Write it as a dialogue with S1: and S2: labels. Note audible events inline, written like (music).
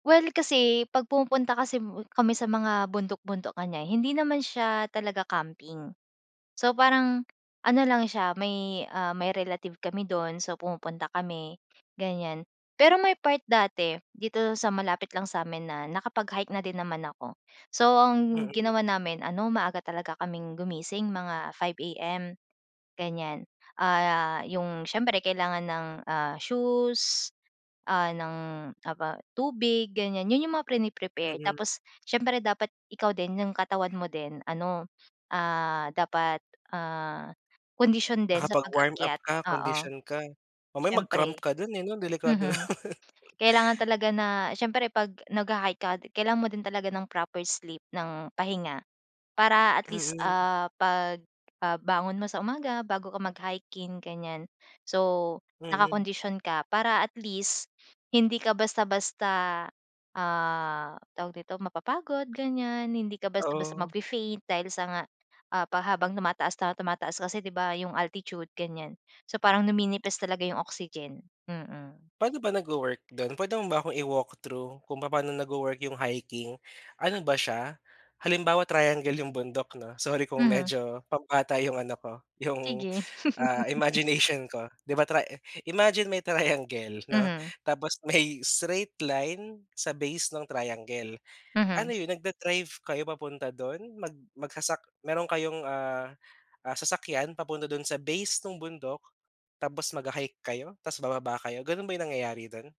S1: Well, kasi 'pag pumupunta kasi m kami sa mga bundok-bundok ganyan, hindi naman siya, ah, talaga, camping. So, parang ano lang siya may, ah, may relative kami do'n so pumupunta kami ganyan. Pero may part dati dito sa malapit lang sa'min na nakapag-hike na din naman ako. So, ang
S2: Mhm.
S1: ginawa namin ano maaga talaga kaming gumising, mga 5:00 AM, ganyan. (gasps) Ah, yung siyempre kailangan ng, ah, shoes, ah, ng aba tubig ganyan, yun yung mga prini-prepare.
S2: Mhm.
S1: Tapos siyempre dapat ikaw din 'yong katawan mo din ano, (sniffs) ah, dapat ah, kondisyon din sa
S2: Nakapag-warm up
S1: pag-akyat.
S2: ka,
S1: Oo.
S2: kondisyon ka. Mamaya mag-cramp
S1: Siyempre
S2: ka do'n eh, delikado
S1: mhm.
S2: naman. (laughs)
S1: Kailangan talaga na siyempre 'pag nagha-hike ka, kailangan mo din talaga ng proper sleep, ng pahinga para at least,
S2: Mhm.
S1: ah, 'pag ah, bangon mo sa umaga bago ka mag-hiking ganyan, so,
S2: Mhm.
S1: nakakondisyon ka para at least (gasps) hindi ka basta-basta, ah, tawag dito, mapapagod ganyan. Hindi ka basta-basta
S2: Oo.
S1: magfe-faint dahil sa nga ah, pa habang tumataas na tumataas kasi, di ba, yung altitude ganyan. So parang numinipis talaga yung oxygen. Mhm.
S2: Pa'no ba nagwo-work do'n? Pwede mo ba akong i-walk through kung papaano nagwo-work yung hiking? Ano ba siya, halimbawa triangle yung bundok 'no sorry kung
S1: Mhm.
S2: medyo pambata yung ano ko yung,
S1: Sige.
S2: ah,
S1: (laughs)
S2: imagination ko. Di ba, tri imagine may triangle 'no,
S1: Mhm.
S2: tapos may straight line sa base ng triangle. Ano
S1: Mhm.
S2: yun, nagda-drive kayo papunta do'n, mag magsasak meron kayong ah ah, sasakyan papunta do'n sa base nung bundok, tapos magha-hike kayo, tapos bababa kayo, gano'n ba yung nangyayari do'n?